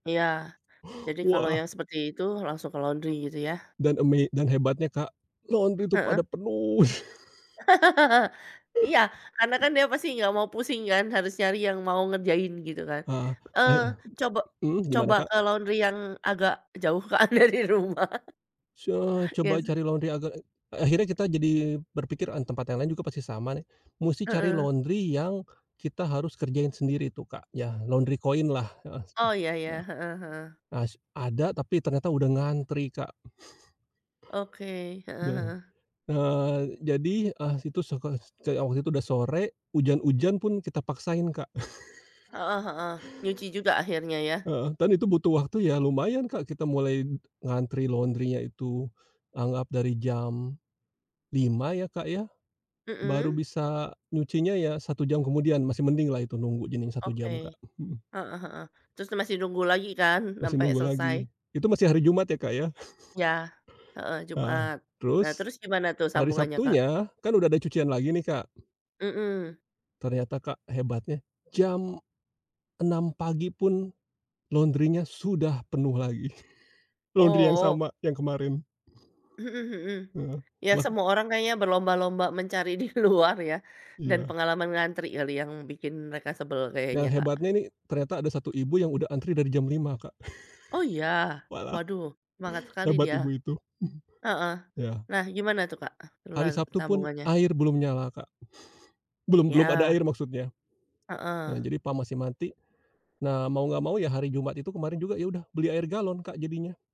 Iya. Jadi, kalau Wah. yang seperti itu langsung ke laundry gitu yah. Dan eme dan hebatnya, Kak, nonton itu Heeh. pada penuh. Iya, karena kan dia pasti gak mau pusing kan? Harus nyari yang mau ngerjain gitu kan. Ah, Eee, heeh, cobo mmm, gimana, coba Kak? ke laundry yang agak jauh kan dari rumah. So Iya coba sih. cari laundry agak eee, akhirnya kita jadi berpikir, "Ah, tempat yang lain juga pasti sama nih." Musti cari Heeh. laundry yang kita harus kerjain sendiri tuh, Kak, yah laundry koinlah heeh, mmm, Oh ya heeh. ya, heeh heeh. As ada tapi ternyata udah ngantri, Kak. Oke, heeh Heeh, heeh. eee, jadi eh situ suka s kayak waktu itu udah sore, ujan-ujan pun kita paksain, Kak. Heeh heeh, nyuci juga akhirnya yah. Heeh, dan itu butuh waktu ya lumayan, Kak, kita mulai ngantri laundry-nya itu, anggap dari jam 5.00 ya, Kak, ya, baru Mmm. bisa nyucinya ya 1 jam kemudian, masih mendinglah itu nunggu cuman 1 Oke. jam, Kak, mhm. Heeh heeh. Trus masih nunggu lagi kan Masih sampai nunggu selesai? lagi, itu masih hari Jumat ya, Kak, ya. Yah, heeh, Heeh, Jumat. Nah terus terus gimana tuh hari sambungannya, Kak? Sabtunya, kan udah ada cucian lagi nih, Kak, ternyata Kak Mmm. ternyata, Kak, hebatnya jam 6.00 pagi pun laundry-nya sudah penuh lagi, laundry yang Oh. sama yang kemarin. Mhm mhm. Mhm, Ya bah semua orang kayaknya berlomba-lomba mencari di luar ya dan Iya. pengalaman ngantri kali yang bikin mereka sebel Nah kayaknya, Kak. hebatnya nih, ternyata ada satu ibu yang udah antri dari jam 5.00, Kak. Oh, ya? Walah, Waduh semangat sekali hebat dia. ibu itu, Heeh. mhm. Yah. Nah gimana tuh, Kak, Hari [unintelligible] Sabtu pun sambungannya? air belum nyala, Kak. Belum belum ada Yah. air maksudnya. Eee, Heeh. jadi PAM masih mati, nah mau gak mau ya hari Jumat itu kemaren juga ya udah beli air galon, Kak, jadinya.